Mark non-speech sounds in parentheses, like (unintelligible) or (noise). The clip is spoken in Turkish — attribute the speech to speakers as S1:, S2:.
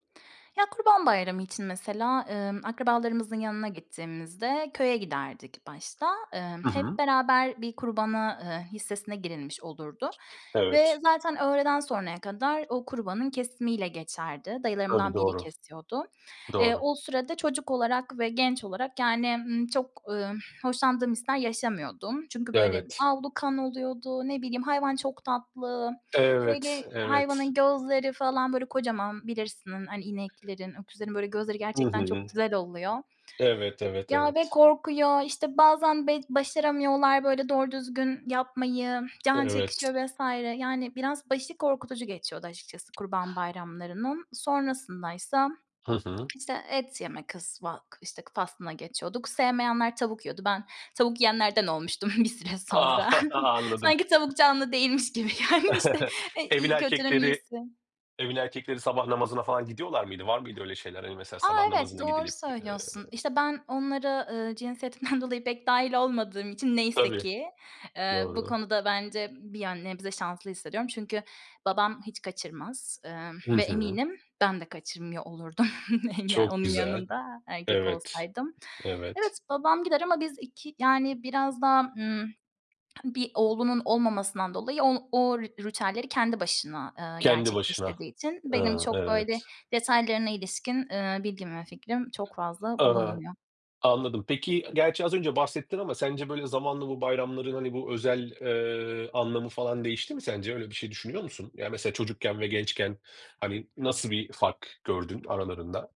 S1: Ya, Kurban Bayramı için, mesela, ımm, akrabalarımızın yanına gittiğimizde köye giderdik başta. Imm,
S2: Hı
S1: hep
S2: hı.
S1: beraber bir kurbana, ııı, hissesine girilmiş olurdu ve
S2: Evet.
S1: zaten öğleden sonraya kadar o kurbanın kesimiyle geçerdi.
S2: Tabii,
S1: Dayılarımdan biri
S2: doğru.
S1: kesiyordu. Eee,
S2: Doğru.
S1: o sürede çocuk olarak ve genç olarak, yani, ımm, çok, ımm, hoşlandığım hisler yaşamıyordum. Çünkü, böyle,
S2: Evet.
S1: avlu kan oluyordu, ne bileyim, hayvan çok tatlı,
S2: Evet,
S1: böyle,
S2: evet.
S1: hayvanın gözleri falan, böyle, kocaman, bilirsin, hani, ineklerin, öküzlerin, böyle, gözleri
S2: Hı
S1: gerçekten çok
S2: hı.
S1: güzel oluyor.
S2: Evet, evet
S1: Ya, ve
S2: evet.
S1: korkuyor. İşte, bazen be başaramıyorlar, böyle, doğru düzgün yapmayı, can
S2: Evet.
S1: çekişiyor vs. Yani, biraz başı korkutucu geçiyordu, açıkçası Kurban Bayramlarının. Sonrasındaysa,
S2: Hı hı.
S1: işte, et yeme kısmı (unintelligible) işte, faslına geçiyorduk. Sevmeyenler tavuk yiyordu. Ben tavuk yiyenlerden olmuştum bir süre
S2: A!
S1: sonra.
S2: (chuckles) Anladım.
S1: Sanki tavuk canlı değilmiş gibi gelmişti.
S2: (chuckles)
S1: E
S2: Evin
S1: iii, kötünün
S2: erkekleri,
S1: iyisi.
S2: evin erkekleri sabah namazına falan gidiyorlar mıydı? Var mıydı öyle şeyler? Hani, mesela,
S1: A,
S2: sabah
S1: evet,
S2: namazına
S1: doğru
S2: gidilip, ııı
S1: söylüyorsun. İşte, ben onlara, ııı, cinsiyetimden dolayı pek dâhil olmadığım için neyse
S2: Tabii,
S1: ki, ııı, bu
S2: doğru.
S1: konuda bence bir yön nebze şanslı hissediyorum çünkü babam hiç kaçırmaz. Imm,
S2: Hı
S1: ve
S2: hı.
S1: eminim ben de kaçırmıyor olurdum. (chuckles) Yani,
S2: Çok
S1: onun
S2: güzel,
S1: yanında erkek
S2: evet,
S1: olsaydım.
S2: evet.
S1: Evet, babam gider ama biz 2, yani, biraz daha, ımm, bir oğlunun olmamasından dolayı, o o ritüelleri kendi başına, ııı,
S2: Kendi başına.
S1: gerçekleştirdiği için benim
S2: Iıı,
S1: çok, böyle,
S2: evet.
S1: detaylarına ilişkin, ııı, bilgim ve fikrim çok fazla
S2: Aaa,
S1: bulunmuyor.
S2: anladım. Peki, gerçi az önce bahsettin ama sence böyle zamanla bu bayramların, hani, bu özel, ııı, anlamı falan değişti mi sence? Öyle bir şey düşünüyor musun? Yani, mesela, çocukken ve gençken, hani, nasıl bir fark gördün aralarında?